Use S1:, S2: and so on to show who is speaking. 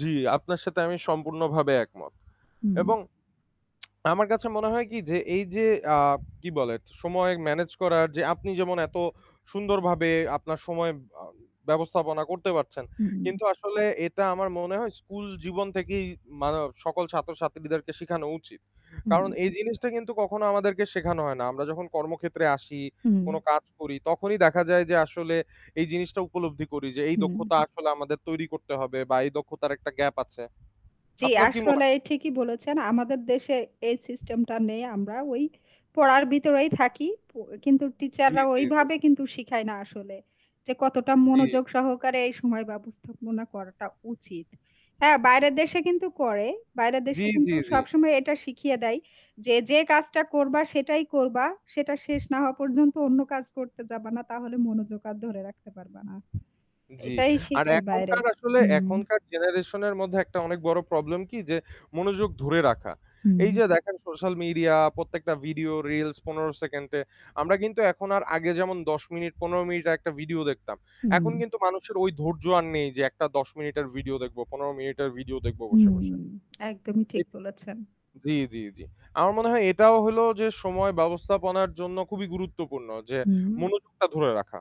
S1: জী, আপনার সাথে আমি সম্পূর্ণভাবে একমত।
S2: হুম।
S1: এবং আমার কাছে মনে হয় কী যে, এই যে কী বলে, সময় manage করার যে, আপনি যেমন এত সুন্দরভাবে আপনার সময় আ ব্যবস্থাপনা করতে পারছেন,
S2: হুম।
S1: কিন্তু আসলে এটা আমার মনে হয় স্কুলজীবন থেকেই মানে সকল ছাত্র-ছাত্রীদেরকে শেখানো উচিত।
S2: হুম।
S1: কারণ এই জিনিসটা কিন্তু কখনো আমাদেরকে শেখানো হয় না। আমরা যখন কর্মক্ষেত্রে আসি,
S2: হুম।
S1: কোনো কাজ করি, তখনই দেখা যায় যে আসলে এই জিনিসটা উপলব্ধি করি, যে এই
S2: হুম।
S1: দক্ষতা আসলে আমাদের তৈরি করতে হবে বা এই দক্ষতার একটা gap আছে।
S2: জী,
S1: আপনার কী মনে হয়?
S2: আসলে ঠিকই বলেছেন। আমাদের দেশে এই সিস্টেমটা নেই। আমরা ওই পড়ার ভেতরেই থাকি, প কিন্তু
S1: জী,
S2: টিচাররা
S1: জী, জী।
S2: ওইভাবে কিন্তু শেখায় না আসলে যে কতটা
S1: জী।
S2: মনোযোগ সহকারে এই সময় ব্যবস্থাপনা করাটা উচিত। হ্যাঁ, বাইরের দেশে কিন্তু করে। বাইরের
S1: জী,
S2: দেশে
S1: জী,
S2: কিন্তু
S1: জী।
S2: সবসময় এটা শিখিয়ে দেয় যে, যে কাজটা করবা, সেটাই করবা। সেটা শেষ না হওয়া পর্যন্ত অন্য কাজ করতে যাবা না। তাহলে মনোযোগ আর ধরে রাখতে পারবা না।
S1: জী।
S2: এটাই
S1: আর
S2: শেখায় বাইরে।
S1: এখনকার আসলে
S2: হুম।
S1: এখনকার generation এর মধ্যে একটা অনেক বড় problem কী যে, মনোযোগ ধরে রাখা। এই
S2: হুম।
S1: যে দেখেন, social media প্রত্যেকটা ভিডিও reels ১৫ সেকেন্ডে। আমরা কিন্তু এখন আর আগে যেমন ১০ মিনিট, ১৫ মিনিট আর একটা ভিডিও দেখতাম। এখন
S2: হুম।
S1: কিন্তু মানুষের ওই ধৈর্য আর নেই যে একটা ১০ মিনিটের ভিডিও দেখব, ১৫ মিনিটের ভিডিও দেখব বসে,
S2: হুম,
S1: বসে।
S2: একদমই ঠিক
S1: এট
S2: বলেছেন।
S1: জী, জী, জী। আমার মনে হয় এটাও হলো যে সময় ব্যবস্থাপনার জন্য খুবই গুরুত্বপূর্ণ যে
S2: হুম।
S1: মনোযোগটা ধরে রাখা।